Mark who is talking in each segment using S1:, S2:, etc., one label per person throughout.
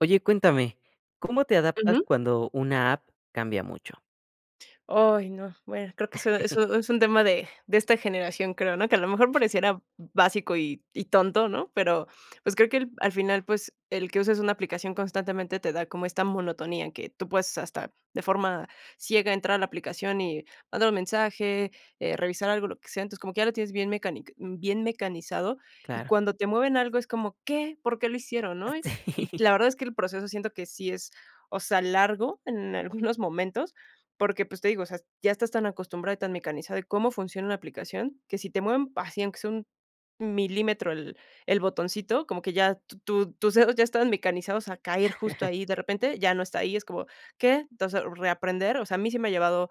S1: Oye, cuéntame, ¿cómo te adaptas
S2: Ujú.
S1: cuando una app cambia mucho?
S2: Oy no, bueno, creo que so eso es un tema de de esta generación, creo, ¿no?, que a lo mejor pareciera básico y y tonto, ¿no?, pero, pues, creo que el al final, pues, el que uses una aplicación constantemente te da como esta monotonía, que tú puedes hasta de forma ciega entrar a la aplicación y mandar un mensaje, eh, revisar algo, lo que sea, entonces, como que ya lo tienes bien mecanic bien mecanizado, y
S1: Claro.
S2: cuando te mueven algo es como, ¿qué?, ¿por qué lo hicieron?, ¿no?, y y
S1: Sí.
S2: la verdad es que el proceso siento que sí es, o sea, largo en algunos momentos, porque, pues, te digo, o sea, ya estás tan acostumbrado y tan mecanizado, y cómo funciona una aplicación, que si te mueven así aunque sea un milímetro el el botoncito, como que ya tu tus dedos ya estaban mecanizados a caer justo ahí, de repente ya no está ahí, es como, ¿qué?, entonces, reaprender, o sea, a mí sí me ha llevado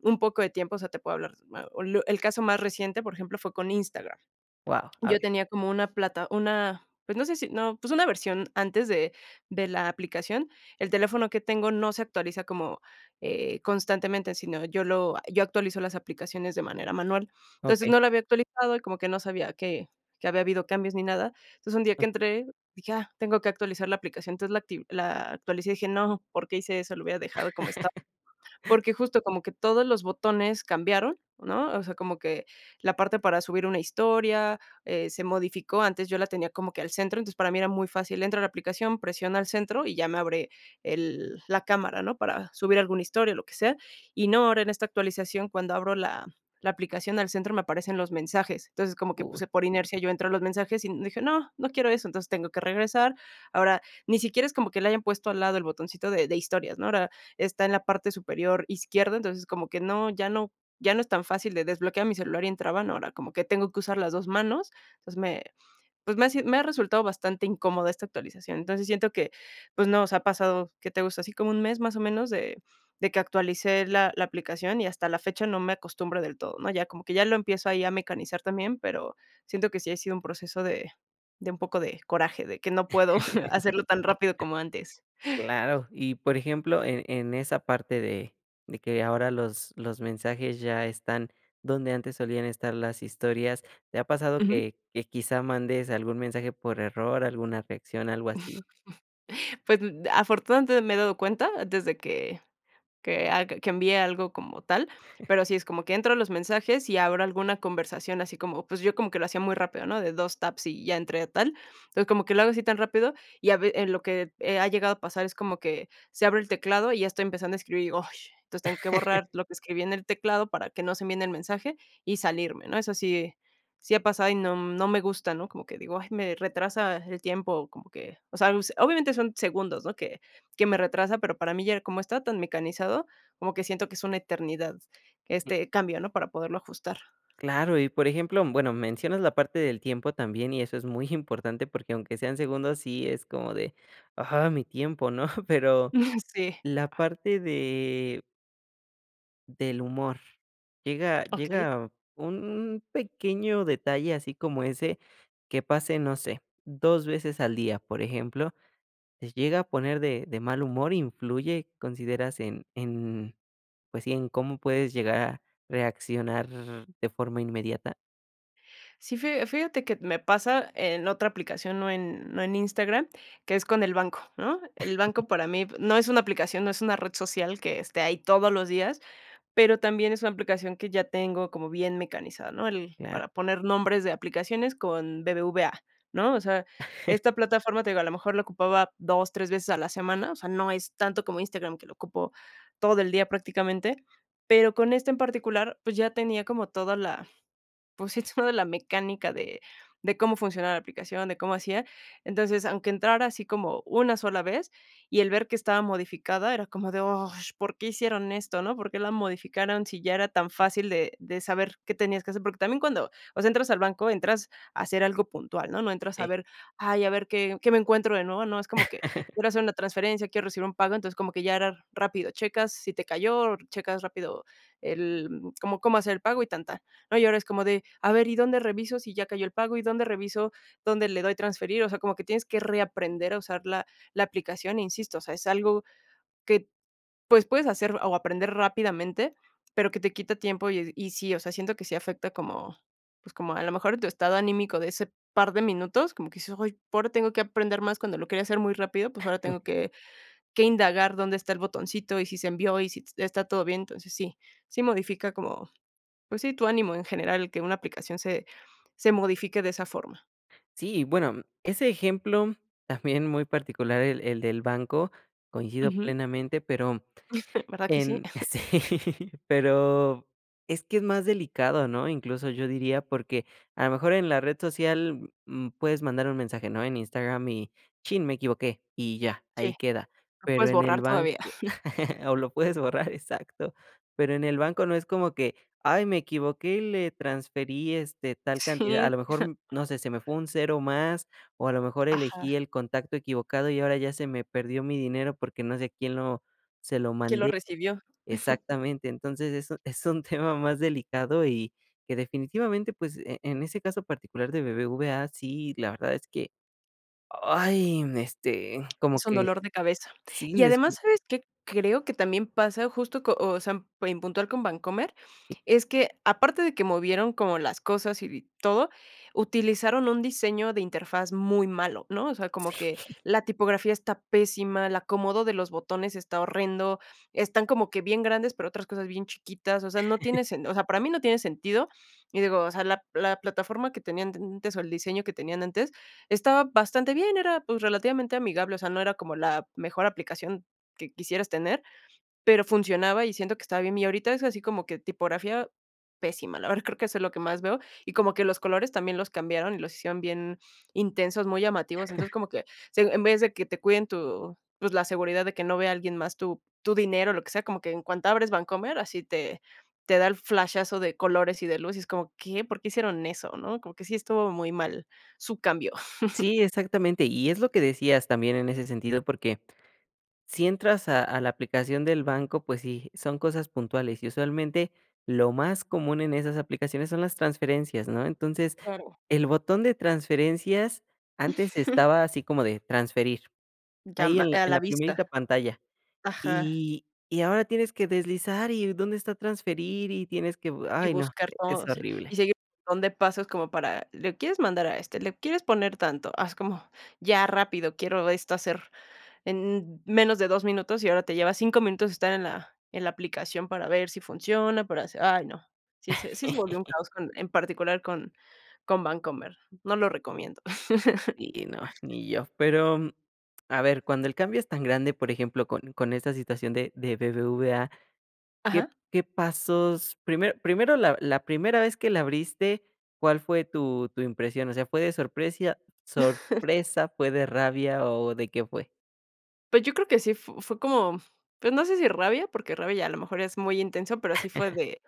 S2: un poco de tiempo, o sea, te puedo hablar, ma un lu el caso más reciente, por ejemplo, fue con Instagram,
S1: Guau, a
S2: yo
S1: ver.
S2: tenía como una plata, una, pues, no sé si no, pues, una versión antes de de la aplicación, el teléfono que tengo no se actualiza como, eh, constantemente, sino yo lo a yo actualizo las aplicaciones de manera manual, entonces,
S1: Okey.
S2: no lo había actualizado y como que no sabía que que había habido cambios ni nada, entonces, un día que entré, dije: "Ah, tengo que actualizar la aplicación", entonces, la acti la actualicé y dije: "No, ¿por qué hice eso?, lo hubiera dejado como estaba", porque justo como que todos los botones cambiaron, ¿no?, o sea, como que la parte para subir una historia, eh, se modificó, antes yo la tenía como que al centro, entonces para mí era muy fácil, entro a la aplicación, presiona al centro, y ya me abre el el la cámara, ¿no?, para subir algún historia, eh, lo que sea, y no, ahora en esta actualización cuando abro la la aplicación al centro, me aparecen los mensajes, entonces, como que, pues,
S1: Uy.
S2: eh, por inercia, yo entro a los mensajes y dije: "No, no quiero eso", entonces, tengo que regresar, ahora, ni siquiera es como que le hayan puesto al lado el botoncito de de historias, ¿no?, ahora, está en la parte superior izquierda, entonces, como que no ya no ya no es tan fácil de desbloquear mi celular y entraban, ahora como que tengo que usar las 2 manos, entonces, me, pues, me ha me ha resultado bastante incómoda esta actualización, entonces, siento que, pues, no, o sea, pasado, ¿qué te gusta?, así como un mes más o menos de de que actualicé la la aplicación, y hasta la fecha no me acostumbro del todo, ¿no?, ya como que ya lo empiezo ahí a mecanizar también, pero siento que sí ha sido un proceso de de un poco de coraje, de que no puedo hacerlo tan rápido como antes.
S1: Claro, y por ejemplo, en en esa parte de de que ahora los los mensajes ya están donde antes solían estar las historias, ¿te ha pasado
S2: Ujú.
S1: que que quizá mandes algún mensaje por error, alguna reacción, algo así?
S2: Pues, mm afortunadamente, me he dado cuenta desde que que ag que envié algo como tal, pero sí es como que entro a los mensajes y abro alguna conversación así como, pues, yo como que lo hacía muy rápido, ¿no?, de 2 taps y ya entré a tal, entonces, como que lo hago así tan rápido, y a ve en lo que, eh, ha llegado a pasar es como que se abre el teclado y ya estoy empezando a escribir, ay, entonces tengo que borrar lo que escribí en el teclado para que no se envíe el mensaje y salirme, ¿no?, eso sí sí ha pasado y no no me gusta, ¿no?, como que digo, ay, me retrasa el tiempo, como que, o sea, pues, obviamente son segundos, ¿no?, que que me retrasa, pero para mí ya como está tan mecanizado, como que siento que es una eternidad este cambio, ¿no?, para poderlo ajustar.
S1: Claro, y por ejemplo, bueno, mencionas la parte del tiempo también y eso es muy importante porque aunque sean segundos, sí es como de, ah, mi tiempo, ¿no?, pero
S2: Sí.
S1: la parte de del humor, llega
S2: Okey.
S1: llega un pequeño detalle así como ese que pase, no sé, 2 veces al día, por ejemplo, ¿te llega a poner de de mal humor, influye, consideras en en, pues, sí en cómo puedes llegar a reaccionar de forma inmediata?
S2: Sí, fija fíjate que me pasa en otra aplicación, no en no en Instagram, que es con el banco, ¿no?, el banco para mí p no es una aplicación, no es una red social que esté ahí todos los días, pero también es una aplicación que ya tengo como bien mecanizada, ¿no?, el
S1: Claro.
S2: para poner nombres de aplicaciones con BBVA, ¿no?, o sea, esta plataforma, te digo, a lo mejor la ocupaba 2, 3 veces a la semana, o sea, no es tanto como Instagram que lo ocupo todo el día prácticamente, pero con este en particular, pues, ya tenía como toda la pues, sí, toda la mecánica de de cómo funciona la aplicación, de cómo hacía, entonces, aunque entrara así como una sola vez y el ver que estaba modificada, era como de, ah, ¿por qué hicieron esto, no?, ¿por qué la modificaron si ya era tan fácil de de saber qué tenías que hacer?, porque también cuando, o sea, entras al banco, entras a hacer algo puntual, ¿no?, no entras a
S1: Sí.
S2: ver, ay, a ver qué qué me encuentro de nuevo, ¿no?, es como que quiero hacer una transferencia, quiero recibir un pago, entonces como que ya era rápido, checas si te cayó, checas rápido el cómo cómo hacer el pago y tan, tan, ¿no?, y ahora es como de, a ver, ¿y dónde reviso si ya cayó el pago, y dónde reviso dónde le doy transferir?, o sea, como que tienes que reaprender a usar la la aplicación, e insisto, o sea, es algo que, pues, puedes hacer o aprender rápidamente, pero que te quita tiempo y d y sí, o sea, siento que sí afecta como, pues, como a lo mejor tu estado anímico de ese par de minutos, como que dices, ay, p ahora tengo que aprender más cuando lo quería hacer muy rápido, pues, ahora tengo que que indagar dónde está el botoncito, y si se envió y si t está todo bien, entonces sí sí modifica como, pues, sí, tu ánimo en general, el que una aplicación se se modifique de esa forma.
S1: Sí, y bueno ese ejemplo también muy particular el el del banco, coincido
S2: Ujú.
S1: plenamente, pero,
S2: ¿Verdad que sí?
S1: em, sí, pero es que es más delicado, ¿no?, incluso yo diría, porque a lo mejor en la red social, mm, puedes mandar un mensaje, ¿no?, en Instagram, y chin, me equivoqué y ya,
S2: Sí,
S1: ahí queda,
S2: lo
S1: pero
S2: puedes
S1: en el
S2: borrar
S1: banco,
S2: todavía.
S1: o lo puedes borrar, exacto, pero en el banco no es como que, ay, me equivoqué y le transferí, este, tal cantidad, a
S2: Sí.
S1: lo mejor, no sé, se me fue un 0 más, o a lo mejor elegí
S2: Ajá.
S1: el contacto equivocado y ahora ya se me perdió mi dinero porque no sé a quién lo se lo
S2: Quién lo
S1: mandé,
S2: recibió.
S1: exactamente, entonces eso es un tema más delicado y que definitivamente, pues, en ese caso particular de BBVA sí, la verdad es que, ¡ay!, este, como
S2: Es un
S1: que
S2: dolor de cabeza,
S1: sí
S2: y
S1: les
S2: además,
S1: cu
S2: ¿sabes qué?, creo que también pasa justo co o sea, en en puntual con Bancomer,
S1: Sí.
S2: es que, aparte de que movieron como las cosas y bi todo, utilizaron un diseño de interfaz muy malo, ¿no?, o sea, como que
S1: Sí.
S2: la tipografía está pésima, el acomodo de los botones está horrendo, están como que bien grandes, pero otras cosas bien chiquitas, o sea, no tiene sen o sea, para mí no tiene sentido, y digo, o sea, la la plataforma que tenían antes o el diseño que tenían antes, estaba bastante bien, era, pues, relativamente amigable, o sea, no era como la mejor aplicación que quisieras tener, pero funcionaba, y siento que estaba bien, y ahorita es así como que tipografía pésima, la verdad creo que eso es lo que más veo, y como que los colores también los cambiaron y los hicieron bien intensos, muy llamativos, entonces, como que se en vez de que te cuiden tu, pues, la seguridad de que no vea alguien más tu tu dinero, lo que sea, como que en cuanto abres Bancomer, así te te da el flashazo de colores y de luces como, ¿qué?, ¿por qué hicieron eso?, ¿no?, como que sí estuvo muy mal su cambio.
S1: Sí, exactamente, y es lo que decías también en ese sentido porque si entras a a la aplicación del banco, pues sí, son cosas puntuales, y usualmente lo más común en esas aplicaciones son las transferencias, ¿no?, entonces
S2: Claro.
S1: el botón de transferencias antes estaba así como de transferir ahí
S2: Llama
S1: en la
S2: a
S1: en
S2: la
S1: la
S2: vista.
S1: primerita pantalla,
S2: Ajá.
S1: y y ahora tienes que deslizar y dónde está transferir, y tienes que,
S2: Y
S1: ay no,
S2: buscar
S1: es
S2: todo sí
S1: horrible.
S2: y seguir [unintelligible] montón de pasos como para, ¿le quieres mandar a este?, ¿le quieres poner tanto?, haz como ya rápido, quiero esto hacer en menos de 2 minutos, y ahora te lleva 5 minutos estar en la en la aplicación para ver si funciona, para hacer, ay no, sí se sí se volvió un caos en particular con con Bancomer, no lo recomiendo.
S1: Sí, no, ni yo, pero, a ver, cuando el cambio es tan grande, por ejemplo, con con esta situación de de BBVA, ¿qué
S2: Ajá.
S1: qué pasos?, primero primero la la primera vez que la abriste, ¿cuál fue tu tu impresión?, o sea, ¿fue de sorpresa sorpresa?, ¿fue de rabia o de qué fue?
S2: Pues, yo creo que sí f fue como, pues, no sé si rabia, porque rabia ya, a lo mejor es muy intenso, pero, sí fue de,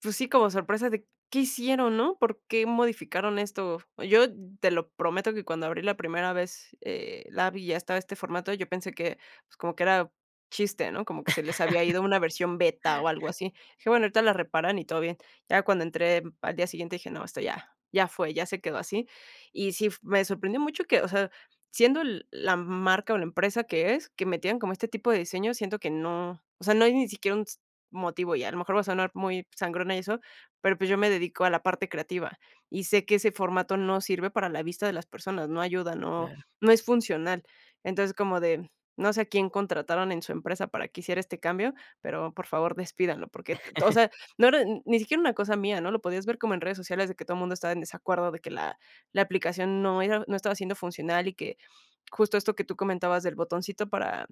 S2: pues sí, como sorpresa de, ¿qué hicieron, no? ¿Por qué modificaron esto? Yo te lo prometo que cuando abrí la primera vez, eh, la vi y ya estaba este formato, yo pensé que, pues, como que era, chiste, ¿no? Como que se les había ido a una versión beta o algo así, dije: "Bueno ahorita la reparan y todo bien". Ya cuando entré, al día siguiente dije: "No, esto ya ya fue, ya se quedó así". Y sí f me sorprendió mucho que, o sea, siendo l la marca o la empresa que es, que metieran como este tipo de diseño, siento que no, o sea, no hay ni siquiera, un s motivo, y a lo mejor voy a sonar muy sangrona y eso, pero pues, yo me dedico a la parte creativa, y sé que ese formato no sirve para la vista de las personas, no ayuda, no
S1: Claro.
S2: no es funcional. Entonces, como de, mm, no sé, a quién contrataron en su empresa para que hiciera este cambio, pero, por favor, despídalo porque, t o sea, no era n ni siquiera una cosa mía, ¿no? Lo podías ver como en redes sociales de que todo mundo estaba en desacuerdo, de que la la aplicación no era no estaba siendo funcional y que, justo esto que tú comentabas del botoncito para,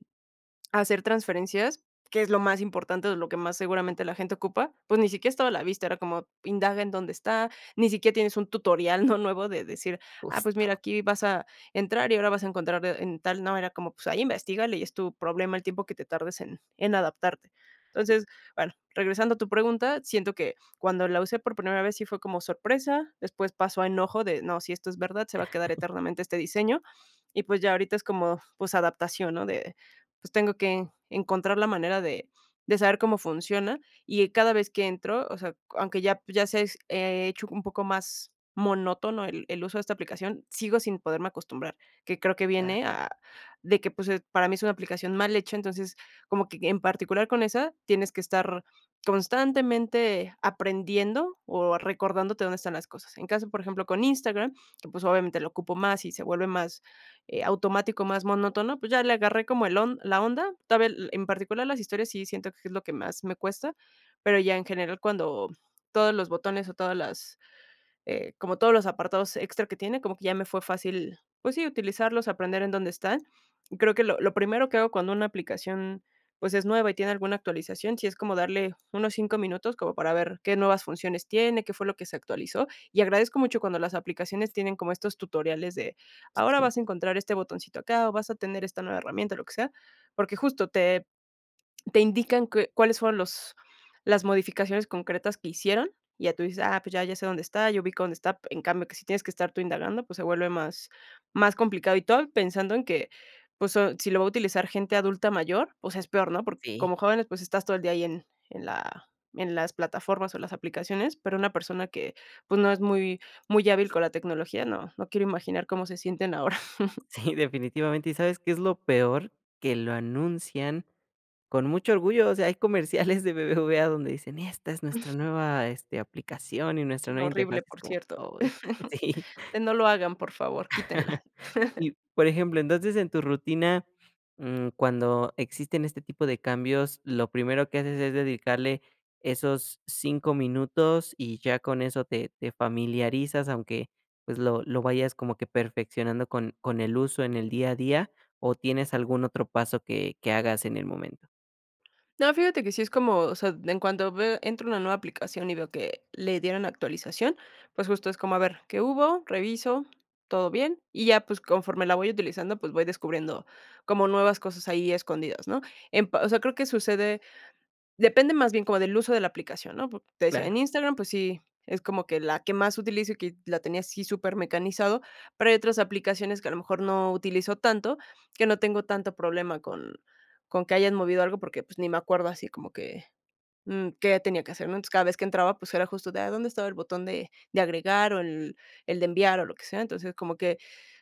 S2: hacer transferencias, que es lo más importante, de lo que más seguramente la gente ocupa, pues, ni siquiera estaba a la vista era como, indaga en dónde está, ni siquiera tienes un tutorial, ¿no? Nuevo de decir, ah, pues,
S1: Justo.
S2: mira aquí vas a entrar y ahora vas a encontrar, eh, en tal no, era como, pues, ahí investígale, y es tu problema el tiempo que te tardes en en adaptarte. Entonces, bueno, regresando a tu pregunta, siento que, cuando la usé por primera vez sí fue como sorpresa, después pasó a enojo de no, sí, esto es verdad, se va a quedar eternamente este diseño, y pues, ya ahorita es como, pues adaptación, ¿no? De, pues, tengo que, encontrar la manera de de saber cómo funciona, y, eh, cada vez que entro, o sea, aunque ya, pues, ya sé, se s eh, hecho un poco más monótono el el uso de esta aplicación, sigo sin poderme acostumbrar, que creo que
S1: Ya.
S2: viene, ah, de que pues, para mí es una aplicación mal hecha, entonces, como que en particular con esa, tienes que estar, constantemente aprendiendo o recordándote dónde están las cosas, en caso, por ejemplo, con Instagram, que, pues, obviamente lo ocupo más y se vuelve más, eh, automático, más monótono, pues ya le agarré como el on la onda. Todavía el en particular las historias sí siento que es lo que más me cuesta, pero ya en general cuando, todos los botones o todas las, eh, como todos los apartados extra que tiene, como que ya me fue fácil, pues sí, utilizarlos aprender en dónde están. Creo que lo lo primero que hago cuando una aplicación, pues, es nueva y tiene alguna actualización, sí es como darle unos 5 minutos como para ver, qué nuevas funciones tiene, qué fue lo que se actualizó. Y agradezco mucho cuando las aplicaciones tienen como estos tutoriales de, ahora
S1: Sí.
S2: vas a encontrar este botoncito acá, o vas a tener esta nueva herramienta o lo que sea, porque justo te te indican qué cuáles fueron los las modificaciones concretas que hicieron, y ya tú dices: "Ah, pues, ya, ya sé dónde está, ya ubico dónde está". En cambio, que si tienes que estar tú indagando, pues, se vuelve más más complicado y todo, pensando en que, pues, so si lo va a utilizar gente adulta mayor, o sea, es peor, ¿no? Porque
S1: Sí.
S2: como jóvenes, pues, estás todo el día ahí en en la en las plataformas o las aplicaciones, pero una persona que, pues, no es muy muy hábil con la tecnología, no, no quiero imaginar cómo se sienten ahora.
S1: Sí, definitivamente, ¿y sabes qué es lo peor? Que lo anuncian con mucho orgullo, o sea, hay comerciales de BBVA donde dicen: "Esta es nuestra nueva, este, aplicación y nuestra nueva interfaz",
S2: Horrible,
S1: y es
S2: por
S1: como,
S2: cierto.
S1: ay. Sí.
S2: De no lo hagan, por favor. Quítenla.
S1: Y, por ejemplo, entonces en tu rutina, mm, cuando, existen este tipo de cambios, ¿lo primero que haces es dedicarle, esos, 5 minutos y ya con eso te te familiarizas, aunque, pues, lo lo vayas como que perfeccionando con con el uso en el día a día? ¿O tienes algún otro paso que que hagas en el momento?
S2: No, fíjate que sí es como, o sea, en cuanto a veo entro a una nueva aplicación y veo que le dieron actualización, pues, justo es como a ver qué hubo, reviso, todo bien, y ya, pues, conforme la voy utilizando, pues, voy descubriendo como nuevas cosas, ahí escondidas, ¿no? En, pa o sea creo que sucede, depende más bien como del uso de la aplicación, ¿no? Po te decía,
S1: Claro.
S2: en Instagram, pues sí, es como que la que más utilizo y que la tenía así súper mecanizado, pero, hay otras aplicaciones que a lo mejor no utilizo tanto, que no tengo tanto problema con con que hayan movido algo porque, pues, ni me acuerdo así como que, mm, qué tenía que hacer, ¿no? Entonces, cada vez que entraba, pues, era justo ya, ¿dónde estaba el botón de de agregar, o el el de enviar? O lo que sea, entonces, como que,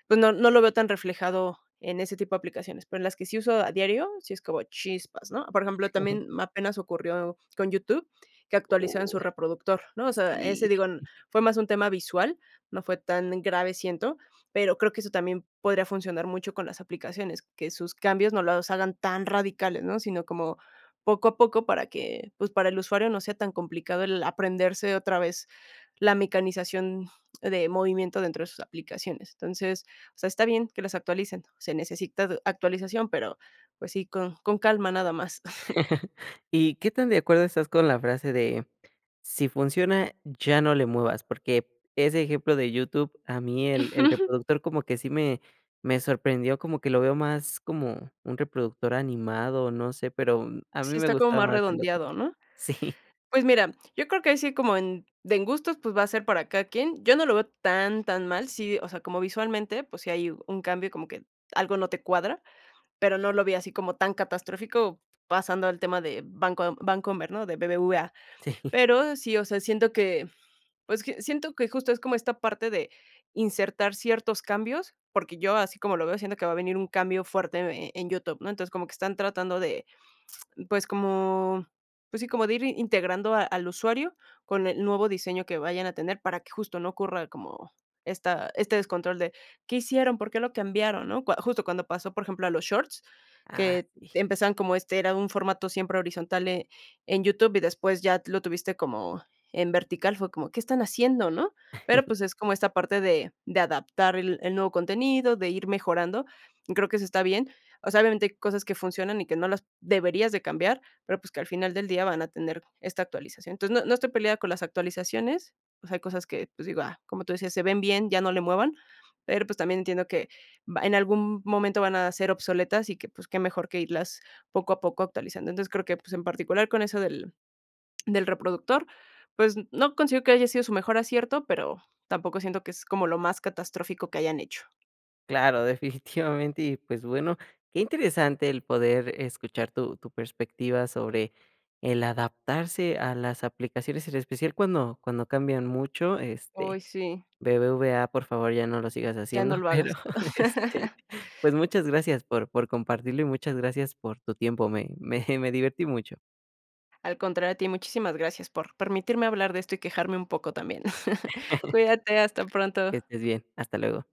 S2: pues, no no lo veo tan reflejado en ese tipo de aplicaciones, pero, en las que sí uso a diario, sí es como chispas, ¿no? Por ejemplo, también apenas ocurrió con YouTube, que actualizan su
S1: Uy,
S2: reproductor, ¿no? O sea,
S1: sí.
S2: ese, digo, fue más un tema visual, no fue tan grave, siento. Pero, creo que, eso también podría funcionar mucho con las aplicaciones, que sus cambios no los hagan tan radicales, ¿no? Sino como poco a poco para que, pues, para el usuario no sea tan complicado el aprenderse otra vez, la mecanización de movimiento dentro de sus aplicaciones. Entonces, o sea, está bien que las actualicen. Se necesita actualización, pero, pues, sí, con con calma nada más.
S1: ¿Y qué tan de acuerdo estás con la frase de, si funciona ya no le muevas? Porque, ese ejemplo de YouTube, a mí el el reproductor como que sí me me sorprendió como que lo veo más como un reproductor animado, no sé, pero, a mí
S2: Sí,
S1: me
S2: está como
S1: gustaba
S2: más
S1: más el otro.
S2: redondeado, ¿no?
S1: Sí.
S2: Pues mira, yo creo que ahí sí, como en de en gustos, pues, va a ser para cada quien, yo no lo veo tan tan mal, sí, o sea, como visualmente, pues, si hay un cambio como que algo no te cuadra, pero, no lo vi así como tan catastrófico, pasando al tema de banco de Bancomer, ¿no? De BBVA.
S1: Sí.
S2: Pero sí, o sea, siento que, pues q siento que justo es como esta parte de insertar ciertos cambios, yo así como lo veo siento que va a venir un cambio fuerte en en YouTube, ¿no? Entonces, como que están tratando de, pues, como, pues sí, como de ir integrando a al usuario con el nuevo diseño que vayan a tener, para que justo no ocurra como esta este descontrol, ¿de qué hicieron, por qué, lo cambiaron, no? Cua justo cuando pasó, por ejemplo, a los shorts,
S1: Ah.
S2: que
S1: Sí.
S2: empezaban como este era un formato siempre horizontal en en YouTube y después ya lo tuviste como en vertical, fue como, ¿qué están haciendo, no? Pero, pues, es como esta parte de de adaptar el el nuevo contenido, de ir mejorando, creo que eso está bien. O sea, obviamente hay cosas que funcionan y que no las deberías de cambiar, pero, pues, que al final del día van a tener esta actualización. Entonces, no no estoy peleada con las actualizaciones, o sea, hay cosas que, pues, digo, ah, como tú decías, se ven bien, ya no le muevan, pero, pues, también entiendo que va en algún momento van a ser obsoletas y que, pues, qué mejor que irlas poco a poco actualizando. Entonces, creo que, pues, en particular con eso del del reproductor, pues, no consigo que haya sido su mejor acierto, pero, tampoco siento que es como lo más catastrófico que hayan hecho.
S1: Claro, definitivamente, y pues, bueno, qué interesante el poder escuchar tu tu perspectiva sobre el adaptarse a las aplicaciones, en especial cuando cuando cambian mucho, este,
S2: Uy, sí.
S1: BBVA por favor ya no lo sigas
S2: Ya
S1: haciendo
S2: no lo
S1: pero,
S2: hagas.
S1: este, pues muchas gracias por por compartirlo, y muchas gracias por tu tiempo, me me me divertí mucho.
S2: Al contrario, a ti, muchísimas gracias por permitirme hablar de esto, y quejarme un poco también. Cuídate, hasta
S1: Que
S2: pronto.
S1: estés bien, hasta luego.